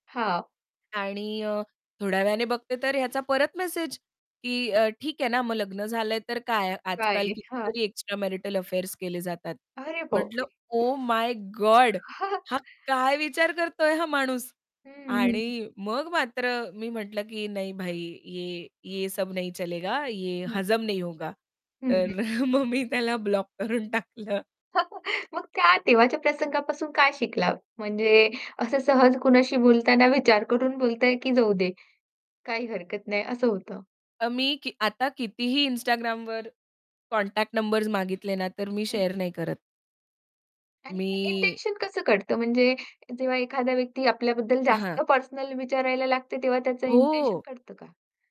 हां. आणि अ, थोड्या वेळाने बघते तर ह्याचा परत मेसेज, की अ, ठीक आहे ना, मग लग्न झालंय तर काय आजकाल काय? हां. कितीतरी एक्स्ट्रा मॅरिटल अफेअर्स केले जातात. अरे म्हटलं बापरे! ओह माय गोड हा काय विचार करतोय हा माणूस? हं, हं. आणि मग मात्र मी म्हटलं, की "नहीं भाई, ये ये सब नहीं चलेगा, ये हं. हजम नहीं होगा." हं, हं. तर मग मी त्याला ब्लॉक करून टाकलं. मग त्या तेव्हाच्या प्रसंगापासून काय शिकला? म्हणजे असं सहज कुणाशी बोलताना विचार करून बोलताय, की जाऊदे काही हरकत नाही असं होतं? अ, मी की आता कितीही Instagramवर कॉन्टॅक्ट नंबर्स मागितले ना, तर मी हं, शेअर हं. नाही करत. आणि हे मी इंटेन्शन अ, कसं कळतं म्हणजे जेव्हा एखादा व्यक्ती आपल्याबद्दल हां. जास्त पर्सनल विचारायला लागते तेव्हा त्याचं इंटेन्शन हो. कळतं का?